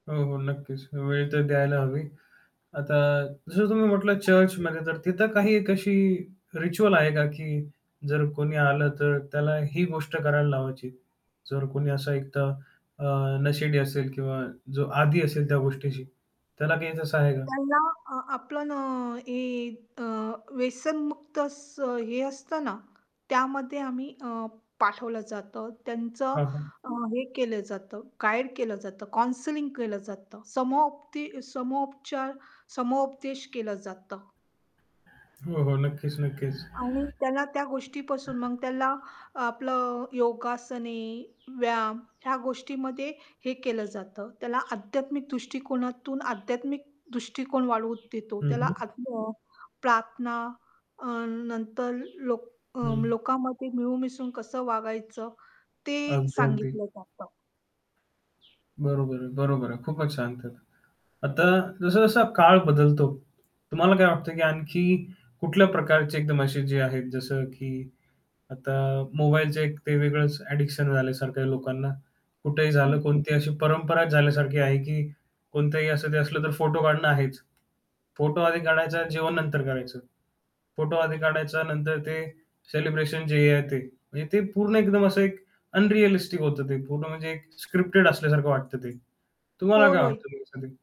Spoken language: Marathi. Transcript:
हो, हो, नक्कीच. वेळ तर द्यायला हवी. आता जसं तुम्ही म्हटलं चर्चमध्ये तर तिथं काही एक अशी रिच्युअल आहे का की जर कोणी आलं, तर त्याला ही गोष्ट करायला लावायची? जर कोणी असं एकतर अ, नशेडी असेल किंवा जो आदी असेल त्या गोष्टीशी, त्याला काही तसं आहे का? त्यांना अ, आपलं न हे अ, व्यसनमुक्त असं हे असतं ना, त्यामध्ये आम्ही अ, पाठवलं जातं. त्यांचं हां, हां. अ, हे केलं जातं, गाईड केलं जातं, काउन्सलिंग केलं जातं. समपदे समोपचार समोपदेश केलं जातं. हो, हो. नक्कीच, नक्कीच. आणि त्याला त्या गोष्टीपासून मग त्याला आपलं योगासने, व्यायाम ह्या गोष्टीमध्ये हे केलं जातं. त्याला आध्यात्मिक दृष्टिकोनातून आध्यात्मिक दृष्टिकोन वाढवून देतो हं, त्याला हं. आत्म अ, प्रार्थना अ, नंतर लोक अ, हं. लोकामध्ये मिळून-मिसळून कसं वागायचं ते अगदी, अगदी. सांगितलं जातं. बरोबर आहे, बरोबर आहे. खूपच छान तर. आता जसा-जसा काळ बदलतो, तुम्हाला काय वाटतं की आणखी कुठल्या प्रकारचे एकदम असे जे आहेत जसं की आता मोबाईलचे एक ते वेगळंच ॲडिक्शन झाल्यासारखं आहे लोकांना. कुठेही झालं हं. कोणतीही अशी परंपराच झाल्यासारखी आहे की कोणतही असं ते असलं तर फोटो काढणं आहेच. फोटो आधी काढायचा अन् जेवण नंतर करायचं, फोटो आधी काढायचा नंतर ते सेलिब्रेशन जे आहे ते, म्हणजे ते पूर्ण एकदम असं एक अनरिअलिस्टिक होतं ते पूर्ण म्हणजे एक स्क्रिप्टेड असल्यासारखं वाटतं ते. तुम्हाला होय, काय होय. वाटतं की हे सगळं?